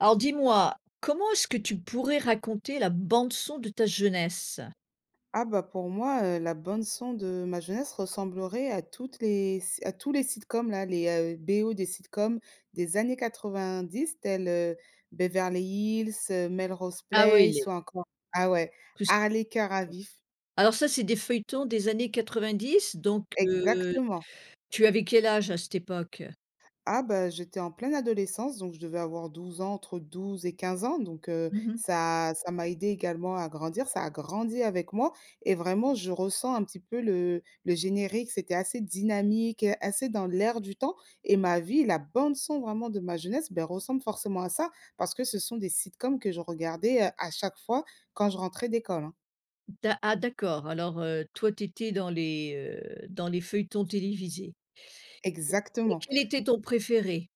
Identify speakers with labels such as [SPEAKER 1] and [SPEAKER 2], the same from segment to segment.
[SPEAKER 1] Alors dis-moi, comment est-ce que tu pourrais raconter la bande-son de ta jeunesse?
[SPEAKER 2] Ah, bah, pour moi, heu, la bande son de ma jeunesse ressemblerait à toutes les s à tous les Sitcoms là les, heu, BO des Sitcoms des années 90 tels, heu, Beverly Hills, heu, Melrose
[SPEAKER 1] Ah oui
[SPEAKER 2] Place
[SPEAKER 1] les
[SPEAKER 2] ou encore ah ouais
[SPEAKER 1] Plus
[SPEAKER 2] Hartley, Cœurs à vif.
[SPEAKER 1] Alors ça c'est des feuilletons des années 90 donc, heu,
[SPEAKER 2] Exactement!
[SPEAKER 1] tu avais quel âge, à cette époque?
[SPEAKER 2] Ah, bah, j'étais en pleine adolescence donc je devais avoir 12 ans, entre 12 et 15 ans donc, heu,
[SPEAKER 1] Mmh mh.
[SPEAKER 2] ça ça m'a aidée également à grandir. Ça a grandi avec moi et vraiment je ressens un petit peu le le générique, c'était assez dynamique, heu, assez dans l'air du temps et ma vie, la bande son vraiment de ma jeunesse, beh, ressemble forcément à ça, parce que ce sont des sitcoms que je regardais, heu, à chaque fois quand je rentrais d'école, hein.
[SPEAKER 1] D'a ah, d'accord alors, heu, toi tu étais dans les, heu, dans les feuilletons télévisés. Et
[SPEAKER 2] Exactement.
[SPEAKER 1] quel était ton préféré?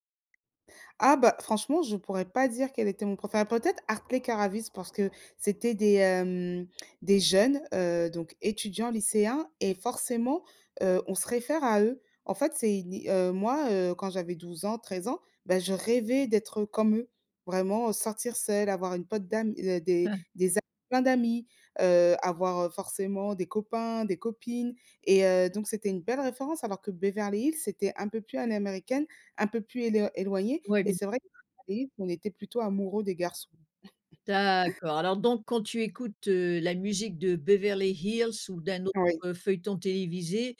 [SPEAKER 2] Ah, bah, franchement, je pourrais pas dire quel était mon préféré, peut-être Hartley, Cœurs à vif parce que c'était des, hem, des jeunes, heu, donc étudiants, lycéens et forcément, heu, on se réfère à eux. En fait c'est une é heu, moi, heu, quand j'avais 12 ans, 13 ans, bah, je rêvais d'être, heu, comme eux, vraiment, heu. Sortir seule, avoir une pote d'am heu, des des a plein d'amis, heu, avoir, heu, forcément des copains, des copines et heu, donc c'était une belle référence alors que Beverly Hills, c'était un peu plus à l'américaine, un peu plus éloi éloigné
[SPEAKER 1] Ouais,
[SPEAKER 2] et
[SPEAKER 1] bien
[SPEAKER 2] c'est vrai [unintelligible] qu'on était plutôt amoureux des garçons.
[SPEAKER 1] D'accord. Alors donc, quand tu écoutes, heu, la musique de Beverly Hills ou d'un autre,
[SPEAKER 2] Oui.
[SPEAKER 1] heu, feuilleton télévisé,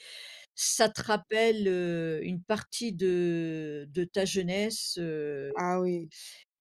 [SPEAKER 1] ça te rappelle, heu, une partie de de ta jeunesse heu
[SPEAKER 2] Ah oui.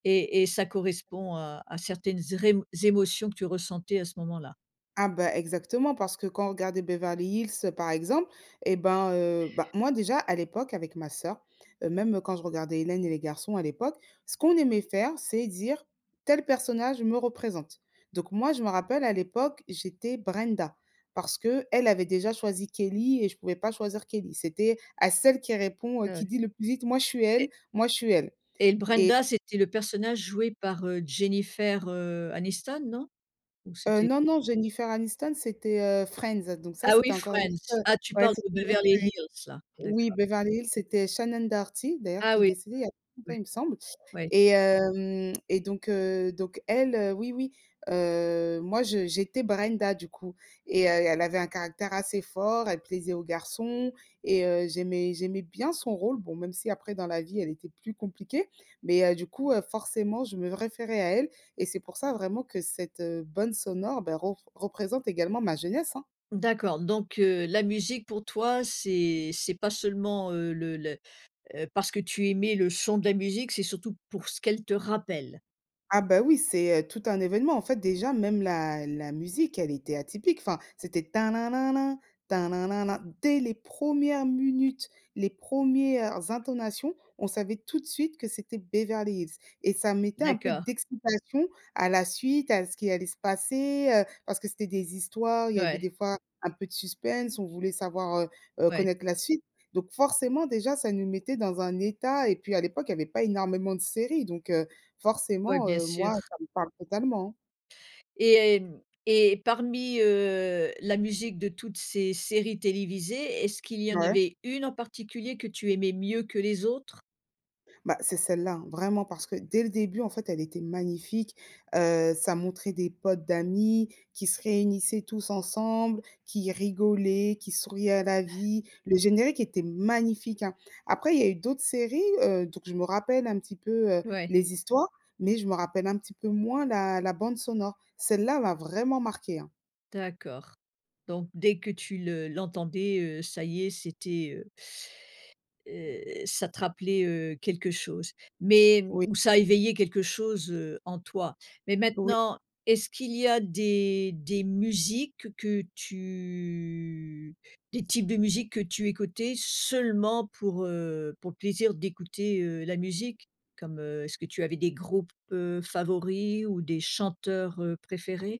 [SPEAKER 1] et et ça correspond à à certaines zrémo émotions que tu ressentais à ce moment-là.
[SPEAKER 2] Ah, bah, exactement parce que quand on regardait Beverly Hills, heu, par exemple et ben, heu, bah, moi déjà à l'époque avec ma sœur, heu, même, heu, quand je regardais Hélène et les Garçons à l'époque, ce qu'on aimait faire, c'est dire: «Tel personnage me représente». Donc moi, je me rappelle à l'époque, j'étais Brenda parce qu'elle avait déjà choisi Kelly et je pouvais pas choisir Kelly. C'était à celle qui répond, heu qui
[SPEAKER 1] Heu
[SPEAKER 2] dit le plus vite: «Moi je suis elle,
[SPEAKER 1] Mais
[SPEAKER 2] moi je suis elle»,
[SPEAKER 1] Et
[SPEAKER 2] et
[SPEAKER 1] Brenda c'était le personnage joué par, heu, Jennifer, heu, Aniston, non? Ou
[SPEAKER 2] Heu,
[SPEAKER 1] c'était
[SPEAKER 2] non non, Jennifer Aniston c'était, heu, Friends, heu, donc ça
[SPEAKER 1] Ah
[SPEAKER 2] c'était
[SPEAKER 1] oui,
[SPEAKER 2] encore une
[SPEAKER 1] Friends!
[SPEAKER 2] [unintelligible]
[SPEAKER 1] Ah tu
[SPEAKER 2] ouais,
[SPEAKER 1] parles
[SPEAKER 2] c'était
[SPEAKER 1] de
[SPEAKER 2] une autre
[SPEAKER 1] Beverly
[SPEAKER 2] série.
[SPEAKER 1] Hills, là,
[SPEAKER 2] Oui
[SPEAKER 1] d'accord.
[SPEAKER 2] Beverly Hill c'était Shannon Doherty d'ailleurs
[SPEAKER 1] Ah
[SPEAKER 2] qui est
[SPEAKER 1] oui,
[SPEAKER 2] décédée, il y a pas longtemps,
[SPEAKER 1] ouais.
[SPEAKER 2] il me semble
[SPEAKER 1] Ouais.
[SPEAKER 2] et hem, et donc, heu, donc elle, heu, oui oui heu, moi je j'étais Brenda du coup et heu, elle avait un caractère assez fort, elle plaisait aux garçons et heu, j'aimais j'aimais bien son rôle- bon même si après dans la vie elle était plus compliquée- mais, heu, du coup, heu, forcément je me référais à elle et c'est pour ça vraiment que cette, heu, bande sonore, beh, ror représente également ma jeunesse, hein.
[SPEAKER 1] D'accord donc, heu, la musique pour toi c'est c'est pas seulement, heu, le le heu, parce que tu aimais le chant de la musique c'est surtout pour ce qu'elle te rappelle.
[SPEAKER 2] Ah bah, oui c'est, heu, tout un événement en fait déjà même la la musique elle était atypique enfin, c'était: «tin nin nin nin tin nin nin nin» dès les promières munutes les promières intonations, on savait tout de suite que c'était Beverly Hills. Et ça mettait un peu
[SPEAKER 1] D'accord.
[SPEAKER 2] d'excitation à la suite, à ce qui allait se passer, heu, parce que c'était des histoires, il y avait
[SPEAKER 1] Ouais.
[SPEAKER 2] des fois un peu de suspens, on voulait savoir, heu heu
[SPEAKER 1] Ouais.
[SPEAKER 2] connaître la suite. Donc, forcément, déjà, ça nous mettait dans un état et puis à l'époque il y avait pas énormément de séries donc, heu,
[SPEAKER 1] Ouais,
[SPEAKER 2] forcément,
[SPEAKER 1] bien
[SPEAKER 2] heu,
[SPEAKER 1] sûr.
[SPEAKER 2] moi ça me parle totalement.
[SPEAKER 1] Et et hem et parmi, heu, la musique de toutes ces séries télévisées, est-ce qu'il y en
[SPEAKER 2] Ouais.
[SPEAKER 1] avait une en particulier que tu aimais mieux que les autres?
[SPEAKER 2] Bah, c'est celle-là hein, vraiment, parce que dès le début en fait elle était magnifique, heu, ça montrait des potes d'amis qui se réunissaient tous ensemble, qui rigolaient, qui souriaient à la vie, le générique était magnifique, hein. Après il y a eu d'autres séries, heu, donc je me rappelle un petit peu, heu,
[SPEAKER 1] Ouais.
[SPEAKER 2] les histoires, mais je me rappelle un petit peu moins la la bande sonore. Celle-là m'a vraiment marquée, hein.
[SPEAKER 1] D'accord donc dès que tu le l'entendais, heu, ça y est, c'était, heu heu, ça te rappelait, heu, quelque chose. Mais, hem,
[SPEAKER 2] Oui.
[SPEAKER 1] ou ça éveillait quelque chose, heu, en toi. Mais
[SPEAKER 2] Oui.
[SPEAKER 1] maintenant, est-ce qu'il y a des des musiques que tu des types de musiques que tu écoutais seulement pour, heu, pour le plaisir d'écouter, heu, la musique? Comme, heu, est-ce que tu avais des groupes, heu, favoris ou des chanteurs, heu, préférés?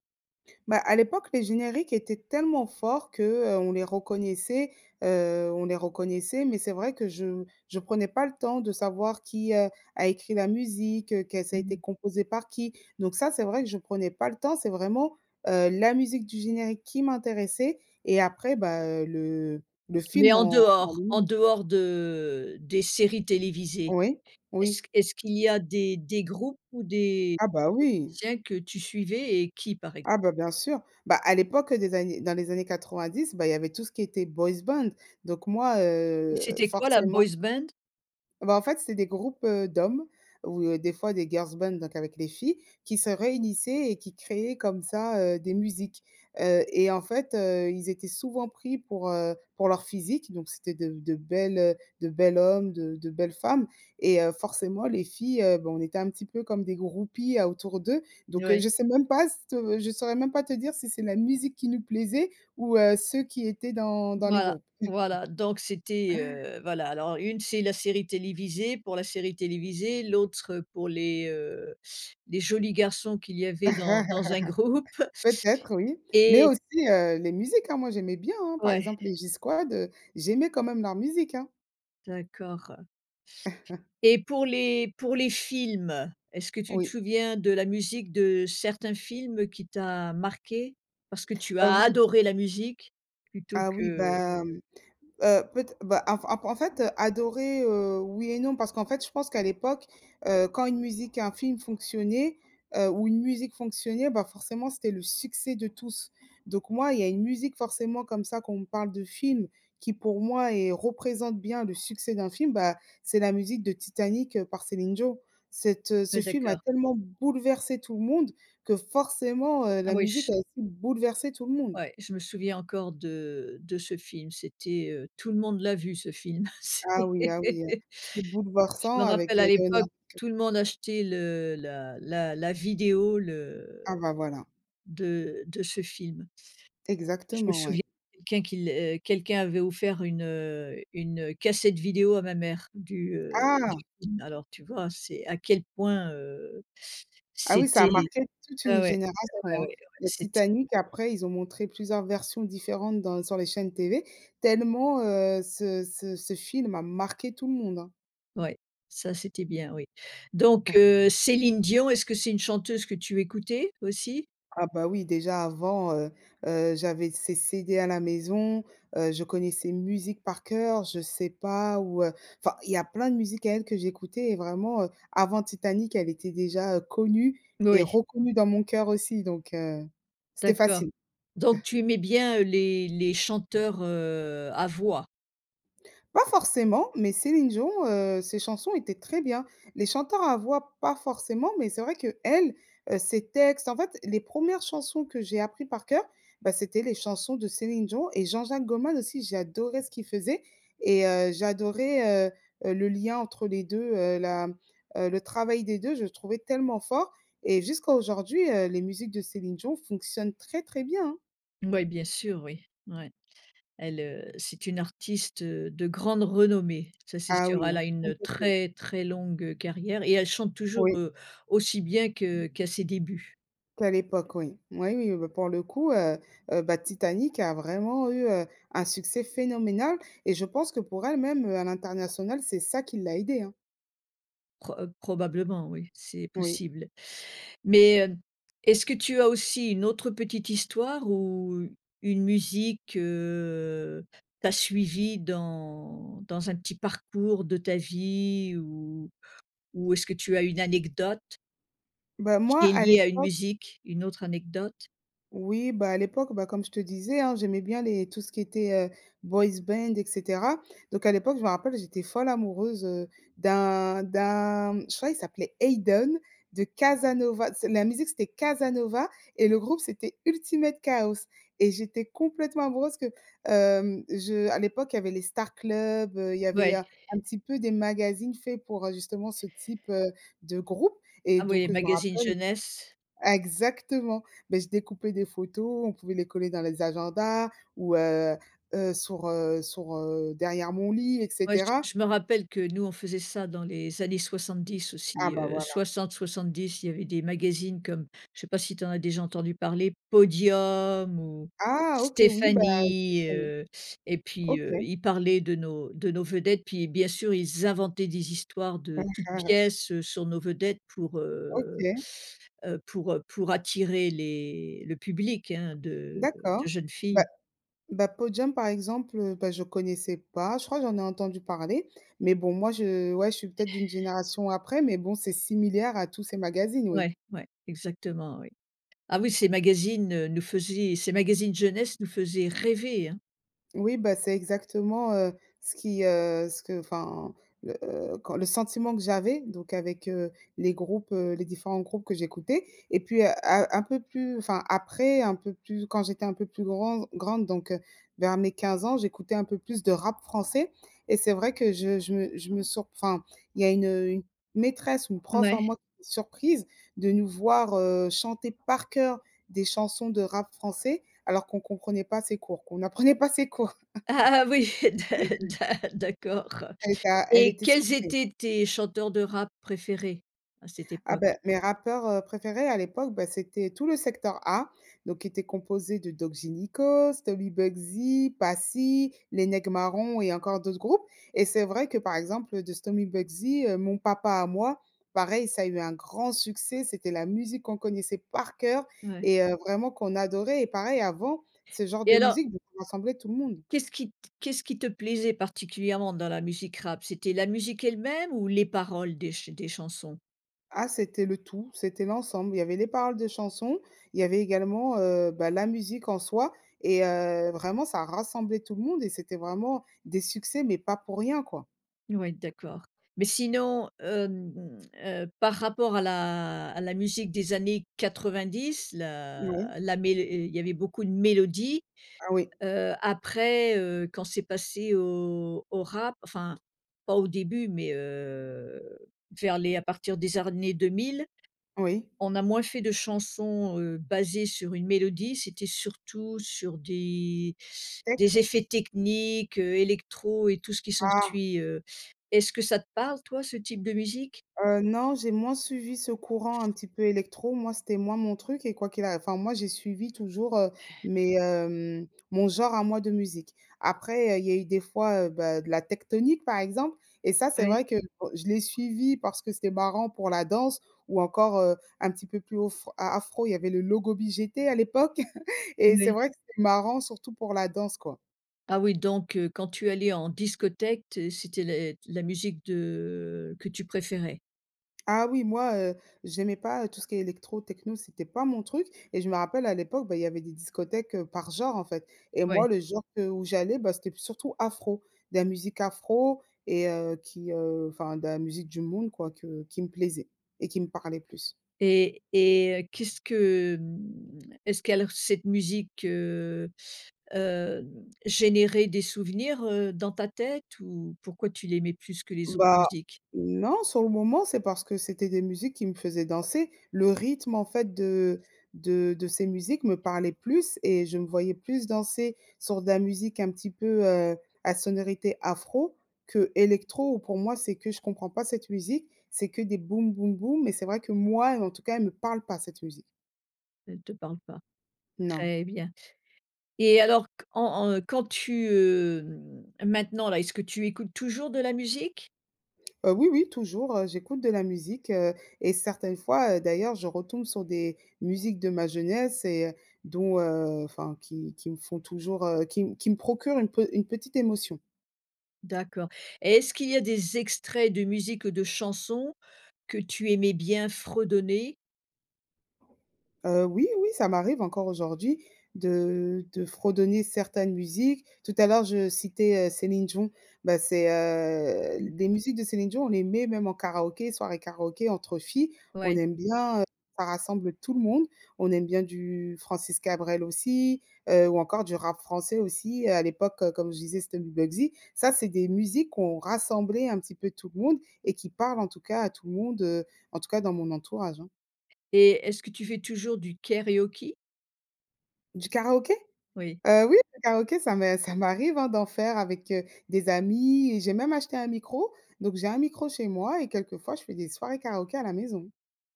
[SPEAKER 2] Bah, à l'époque, les génériques étaient tellement forts que, heu, on les reconnaissait, heu, on les reconnaissait, mais c'est vrai que je je prenais pas le temps de savoir qui, heu, a écrit la musique, heu, qu'elle ça a
[SPEAKER 1] Mmh
[SPEAKER 2] été
[SPEAKER 1] mh.
[SPEAKER 2] composée par qui. Donc ça, c'est vrai que je prenais pas le temps. C'est vraiment, heu, la musique du générique qui m'intéressait et après bah, heu, le le
[SPEAKER 1] Mais
[SPEAKER 2] film
[SPEAKER 1] en
[SPEAKER 2] en en
[SPEAKER 1] dehors
[SPEAKER 2] lui
[SPEAKER 1] en
[SPEAKER 2] même.
[SPEAKER 1] dehors de des séries télévisées,
[SPEAKER 2] Oui, oui.
[SPEAKER 1] est-ce q est-ce qu'il y a des des groupes ou des
[SPEAKER 2] Ah bah, oui!
[SPEAKER 1] musiciens que tu suivais et qui par ex
[SPEAKER 2] Ah bah, bien sûr. Bah, à l'époque des années dans les années 90 bah, il y avait tout ce qui était boys band. Donc moi,
[SPEAKER 1] Et
[SPEAKER 2] heu,
[SPEAKER 1] c'était quoi la
[SPEAKER 2] forcément.
[SPEAKER 1] boys band?
[SPEAKER 2] Bah, en fait, c'est des groupes, heu, d'hommes ou, heu, des fois des girls band, donc avec les filles, qui se réunissaient et qui créaient comme ça, heu, des musiques. Heu et en fait, heu, ils étaient souvent pris pour, heu, pour leur physique donc c'était de de bel heu, de bel hommes, de de belles femmes et, heu, forcément les filles, heu bah, on était un petit peu comme des groupies à autour d'eux. Donc, heu,
[SPEAKER 1] Ouais.
[SPEAKER 2] je sais même pas se je saurais même pas te dire si c'est la musique qui nous plaisait ou heu, ceux qui étaient dans dans les
[SPEAKER 1] Voilà
[SPEAKER 2] groupes.
[SPEAKER 1] voilà donc c'était, heu voilà, alors une c'est la série télévisée, pour la série télévisée, l'autre, heu, pour les, heu, les jolis garçons qu'il y avait dans dans un groupe.
[SPEAKER 2] Peut-être, oui, mais
[SPEAKER 1] Et
[SPEAKER 2] aussi, heu, les musiques, hein, moi j'aimais bien, hein. Par
[SPEAKER 1] Ouais.
[SPEAKER 2] exemple les G-Squad, heu, j'aimais quand même leur musique, hein.
[SPEAKER 1] D'accord. Et pour les pour les films, est-ce que tu te
[SPEAKER 2] Oui.
[SPEAKER 1] souviens de la musique de certains films qui t'a marqué? Parce que tu
[SPEAKER 2] Heu,
[SPEAKER 1] as
[SPEAKER 2] oui.
[SPEAKER 1] adoré la musique plutôt
[SPEAKER 2] Ah oui,
[SPEAKER 1] que
[SPEAKER 2] bah, hem, heu, peut ê bah en f en en fait, heu, adorer, heu, oui et non parce qu'en fait je pense qu'à l'époque, heu, quand une musique, un film fonctionnait, heu, ou une musique fonctionnait, bah, forcément c'était le succès de tous. Donc moi il y a une musique forcément comme ça quand on me parle de film, qui pour moi est représente bien le succès d'un film bah, c'est la musique de Titanic, heu, par Céline Dion. Cette, heu ce
[SPEAKER 1] Ouais,
[SPEAKER 2] film a
[SPEAKER 1] d'accord.
[SPEAKER 2] tellement bouleversé tout le monde que forcément, heu,
[SPEAKER 1] Ah
[SPEAKER 2] la
[SPEAKER 1] oui
[SPEAKER 2] musique
[SPEAKER 1] ch
[SPEAKER 2] a aussi bouleversé tout le monde.
[SPEAKER 1] Ouais, je me souviens encore de de ce film c'était, heu tout le monde l'a vu ce film c'est
[SPEAKER 2] Ah oui ah oui, heu, c'est
[SPEAKER 1] je
[SPEAKER 2] bouleversant
[SPEAKER 1] me
[SPEAKER 2] avec,
[SPEAKER 1] rappelle à
[SPEAKER 2] heu,
[SPEAKER 1] l'époque
[SPEAKER 2] Leonardo. [unintelligible]
[SPEAKER 1] tout le monde achetait le la la la vidéo
[SPEAKER 2] Ah
[SPEAKER 1] le
[SPEAKER 2] bah, voilà.
[SPEAKER 1] de de ce film. Je me
[SPEAKER 2] Exactement,
[SPEAKER 1] souviens
[SPEAKER 2] ouais.
[SPEAKER 1] quelqu'un qu'il, heu quelqu'un avait offert une, heu, une, heu, cassette vidéo à ma mère du, heu, du
[SPEAKER 2] Ah!
[SPEAKER 1] film, alors tu vois? C'est à quel point, heu,
[SPEAKER 2] Ah oui, ça a
[SPEAKER 1] c'était
[SPEAKER 2] marqué toute
[SPEAKER 1] ah
[SPEAKER 2] une
[SPEAKER 1] ouais
[SPEAKER 2] génération,
[SPEAKER 1] ouais ouais
[SPEAKER 2] hein.
[SPEAKER 1] [unintelligible]
[SPEAKER 2] Le
[SPEAKER 1] c'ét
[SPEAKER 2] Titanic, après ils ont montré plusieurs versions différentes dans sur les chaînes TV tellement, heu, ce ce ce film a marqué tout le monde, hein.
[SPEAKER 1] ouais ça c'était bien oui. Donc heu, Céline Dion, est-ce que c'est une chanteuse que tu écoutais aussi?
[SPEAKER 2] Ah bah, oui, déjà avant, heu heu, j'avais ses CD à la maison, heu, je connais ses musiques par cœur, je sais pas où, heu enfin il y a plein de musiques à elle que j'écoutais et vraiment, heu, avant Titanic elle était déjà, heu, connue et
[SPEAKER 1] Oui.
[SPEAKER 2] reconnue dans mon cœur aussi donc, heu, c'était
[SPEAKER 1] D'accord.
[SPEAKER 2] facile.
[SPEAKER 1] Donc tu aimais bien, heu, les les chanteurs, heu, à voix?
[SPEAKER 2] Pas forcément mais Céline Dion, heu, ses chansons étaient très bien. Les chanteurs à voix, pas forcément, mais c'est vrai qu'elle, heu, ses textes en fait, les 1res chansons que j'ai appris par coeur, bah, c'était les chansons de Céline Dion et Jean-Jacques Goldman aussi. J'adorais ce qu'il faisait et heu, j'adorais, heu heu, le lien entre les 2, heu, la, mmh, heu, le travail des 2 je trouvais tellement fort et jusqu'à aujourd'hui, heu, les musiques de Céline Dion fonctionnent très, très bien, hein.
[SPEAKER 1] Ouais, bien sûr, oui, ouais, elle, heu, c'est une artiste, heu, de grande renommée, ça c'est
[SPEAKER 2] Ah
[SPEAKER 1] sûr.
[SPEAKER 2] oui,
[SPEAKER 1] Elle
[SPEAKER 2] hein,
[SPEAKER 1] a
[SPEAKER 2] ça
[SPEAKER 1] une
[SPEAKER 2] c'est sûr.
[SPEAKER 1] très très longue, heu, carrière et elle chante toujours,
[SPEAKER 2] Oui.
[SPEAKER 1] heu, aussi bien que qu'à ses débuts.
[SPEAKER 2] Qu'à l'époque, oui. Oui, oui, heu, bah, pour le coup, heu, heu, bah, Titanic a vraiment eu, heu, un succès phénoménal et je pense que pour elle même, heu, à l'international c'est ça qui l'a aidée, hein.
[SPEAKER 1] Pro heu, probablement oui, c'est
[SPEAKER 2] Oui.
[SPEAKER 1] possible. Mais, hem, est-ce que tu as aussi une autre petite histoire ou une musique, heu, t'a suivie dans dans un petit parcours de ta vie ou-ou est-ce que tu as une anecdote?
[SPEAKER 2] Bah moi
[SPEAKER 1] Qui est
[SPEAKER 2] à
[SPEAKER 1] liée à une
[SPEAKER 2] l'époque
[SPEAKER 1] musique. Une autre anecdote?
[SPEAKER 2] oui bah, à l'époque, bah, comme je te disais, hein, j'aimais bien les tout ce qui était, heu, boys band et cetera. Donc à l'époque, je me rappelle, j'étais folle amoureuse, heu, d'un d'un je crois, il s'appelait Ayden de Casanova. C'est la musique, c'était Casanova et le groupe, c'était Ultimate Kaos et j'étais complètement amoureuse que, hem, je à l'époque il y avait les Star Club, heu, il y avait
[SPEAKER 1] Ouais.
[SPEAKER 2] un petit peu des magazines faits pour, heu, justement ce type, heu, de groupe et
[SPEAKER 1] Ah oui,
[SPEAKER 2] donc, heu, je me
[SPEAKER 1] magazine
[SPEAKER 2] rappelle
[SPEAKER 1] jeunesse.
[SPEAKER 2] exactement, bah, je découpais des photos, on pouvait les coller dans les agendas ou, heu heu, sur, heu, sur, heu, derrière mon lit et
[SPEAKER 1] Ouais, je
[SPEAKER 2] cetera.
[SPEAKER 1] je me rappelle que nous, on faisait ça dans les années 70
[SPEAKER 2] Ah
[SPEAKER 1] aussi,
[SPEAKER 2] bah
[SPEAKER 1] heu,
[SPEAKER 2] voilà.
[SPEAKER 1] 60-70, il y avait des magazines comme je sais pas si tu en as déjà entendu parler, Podium ou
[SPEAKER 2] Ah OK oui bah je
[SPEAKER 1] Stéphanie,
[SPEAKER 2] connais.
[SPEAKER 1] heu et puis, heu,
[SPEAKER 2] OK.
[SPEAKER 1] il parlait de nos de nos vedettes puis, bien sûr, ils inventaient des histoires de toutes pièces, heu, sur nos vedettes pour, heu
[SPEAKER 2] OK.
[SPEAKER 1] heu pour, heu, pour attirer les le public, hein, de
[SPEAKER 2] D'accord.
[SPEAKER 1] de jeunes
[SPEAKER 2] Bah,
[SPEAKER 1] filles.
[SPEAKER 2] bah, Podium par exemple, bah, je connaissais pas. Je crois que j'en ai entendu parler, mais bon moi je ouais, je suis peut-être d'une génération après, mais bon, c'est similaire à tous ces magazines oui.
[SPEAKER 1] Ouai, ouais, exactement oui. Ah oui, ces magazines, heu, nous faisaient ces magazines jeunesse nous faisaient rêver hein.
[SPEAKER 2] Oui, bah, c'est exactement, heu, ce qui, heu, ce que enfin, le heu, quand le sentiment que j'avais, donc avec, heu, les groupes, heu, les différents groupes que j'écoutais et puis, heu, un un peu plus enfin, après un peu plus quand j'étais un peu plus granz grande donc, heu, vers mes 15 ans, j'écoutais un peu plus de rap français. Et c'est vrai que je je me surp je me enfin il y a une une, heu, maîtresse, une prof à
[SPEAKER 1] Ouais.
[SPEAKER 2] moi surprise de nous voir, heu, chanter par cœur des chansons de rap français alors qu'on comprenait pas ses cours, qu'on n'apprenait pas ses cours.
[SPEAKER 1] Ah ah, oui, d'a d'a d'accord.
[SPEAKER 2] Elle éta elle
[SPEAKER 1] Et
[SPEAKER 2] était
[SPEAKER 1] quels
[SPEAKER 2] surprise.
[SPEAKER 1] étaient tes chanteurs de rap préférés à cette
[SPEAKER 2] Ah
[SPEAKER 1] époque?
[SPEAKER 2] bah, mes rappeurs, heu, préférés à l'époque, bah, c'était tout le secteur A, donc qui était composé de Doc Gynéco, Stomy Bugsy, Passy, Les Nèg' Marrons et encore d'autres groupes. Et c'est vrai que, par exemple, heu, de Stomy Bugsy, heu, Mon papa à moi, pareil ça a eu un grand succès, c'était la musique qu'on connaissait par cœur
[SPEAKER 1] Ouais.
[SPEAKER 2] et heu, vraiment qu'on adorait et pareil, avant, ce genre de
[SPEAKER 1] Et alors
[SPEAKER 2] musiques [unintelligible] rassemblaient tout le monde.
[SPEAKER 1] qu'est-ce qui t qu'est-ce qui te plaisait particulièrement dans la musique rap? C'était la musique elle-même ou les paroles des ch des chansons?
[SPEAKER 2] Ah c'était le tout, c'était l'ensemble, il y avait les paroles de chansons, il y avait également, heu, bah, la musique en soi et heu, vraiment, ça rassemblait tout le monde et c'était vraiment des succès, mais pas pour rien, quoi.
[SPEAKER 1] Ouais, d'accord, mais sinon, hem, mmh, heu, par rapport à la à la musique des années 90, la
[SPEAKER 2] Ouais.
[SPEAKER 1] la mél et il y avait beaucoup de mélodies,
[SPEAKER 2] Ah oui.
[SPEAKER 1] heu, après, heu, quand c'est passé au au rap, enfin, pas au début mais, heu, vers les à partir des années 2000,
[SPEAKER 2] Oui.
[SPEAKER 1] on a moins fait de chansons, heu, basées sur une mélodie, c'était surtout sur des
[SPEAKER 2] Texte?
[SPEAKER 1] des effets techniques, heu, électro et tout ce qui
[SPEAKER 2] Ah!
[SPEAKER 1] s'ensuit, heu. Est-ce que ça te parle, toi, ce type de musique?
[SPEAKER 2] Heu, non, j'ai moins suivi ce courant un petit peu électro, moi c'était moins mon truc et quoi qu'il a enfin, moi j'ai suivi toujours, heu, mes, hem, mon genre à moi de musique. Après, il y a il y a eu des fois, heu, bah, de la Tecktonik, par exemple, et ça c'est
[SPEAKER 1] Ouais.
[SPEAKER 2] vrai que, bon, je l'ai suivi parce que c'était marrant pour la danse ou encore, heu, un petit peu plus ofr a afro, il y avait le logobi GT à l'époque et c'est
[SPEAKER 1] Ouais.
[SPEAKER 2] vrai, c'était marrant surtout pour la danse, quoi.
[SPEAKER 1] Ah oui, donc, heu, quand tu allais en discothèque, t c'était les la musique de que tu préférais?
[SPEAKER 2] Ah oui, moi, heu, j'aimais pas, heu, tout ce qui est électro, techno, c'était pas mon truc et je me rappelle à l'époque, bah, il y avait des discothèques, heu, par genre, en fait. Et
[SPEAKER 1] Ouais.
[SPEAKER 2] moi le genre que où j'allais, bah, c'était p surtout afro, de la musique afro et heu, qui, heu, enfin de la musique du monde, quoi, que qui me plaisait et qui me parlait plus.
[SPEAKER 1] Et et heu, qu'est-ce que, hem est-ce que alors cette musique, heu heu, générait des souvenirs, heu, dans ta tête? Ou pourquoi tu l'aimais plus que les autres
[SPEAKER 2] Bah
[SPEAKER 1] musiques?
[SPEAKER 2] non, sur le moment, c'est parce que c'était des musiques qui me faisaient danser. Le rythme, en fait, de de de ces musiques me parlait plus et je me voyais plus danser sur de la musique un petit peu, heu, à sonorité afro que électro ou pour moi c'est que je comprends pas cette musique, c'est que des boum, boum, boum, mais c'est vrai que moi, heu, en tout cas, elle me parle pas cette musique.
[SPEAKER 1] Elle te parle pas.
[SPEAKER 2] Non.
[SPEAKER 1] Très bien. Et alors qu en en quand tu, hem, maintenant, là, est ce que tu écoutes toujours de la musique?
[SPEAKER 2] Heu, oui, oui, toujours, heu, j'écoute de la musique, heu et certaines fois, heu, d'ailleurs, je retombe sur des musiques de ma jeunesse et heu, dont, heu enfin qui qui me font toujours, heu, qui m qui me procurent une pe une petite émotion.
[SPEAKER 1] D'accord et est-ce qu'il y a des extraits de musique de chansons que tu aimais bien fredonner?
[SPEAKER 2] Heu, oui, oui, ça m'arrive encore aujourd'hui de de fredonner certaines musiques. Tout à l'heure, je citais, heu, Céline Dion, bah, c'est, heu,
[SPEAKER 1] Mmh.
[SPEAKER 2] l des musiques de Céline Dion, on les met même en karaoké, soirée karaoké entre filles, on
[SPEAKER 1] Ouais.
[SPEAKER 2] aime bien, heu, ça rassemble tout le monde. On aime bien du Francis Cabrel aussi, heu, ou encore du rap français aussi, à l'époque, comme je disais, c'était Stomy Bugsy. Ça, c'est des musiques qui ont rassemblé un petit peu tout le monde et qui parlent, en tout cas, à tout le monde, heu, en tout cas dans mon entourage, hein.
[SPEAKER 1] Et est-ce que tu fais toujours du karaoké?
[SPEAKER 2] Du karaoké?
[SPEAKER 1] Oui.
[SPEAKER 2] Heu, oui, le karaoké ça m'est ça m'arrive, hein, d'en faire avec, heu, des amis et j'ai même acheté un micro, donc j'ai un micro chez moi et quelquefois je fais des soirées karaoké à la maison.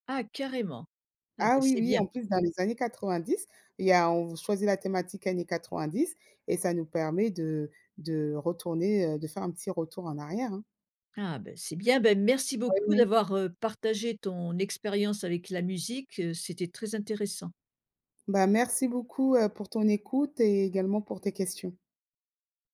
[SPEAKER 1] Ah carrément! Ah bah,
[SPEAKER 2] Ah oui,
[SPEAKER 1] c'est
[SPEAKER 2] oui,
[SPEAKER 1] bien.
[SPEAKER 2] en plus dans les années 90, il y a on v choisit la thématique années 90 et ça nous permet de de retourner, heu, de faire un petit retour en arrière, hein.
[SPEAKER 1] Ah bah, c'est bien. Bah, merci beaucoup
[SPEAKER 2] [unintelligible]
[SPEAKER 1] d'avoir, heu, partagé ton expérience avec la musique, heu, c'était très intéressant.
[SPEAKER 2] Bah, merci beaucoup, heu, pour ton écoute et également pour tes questions.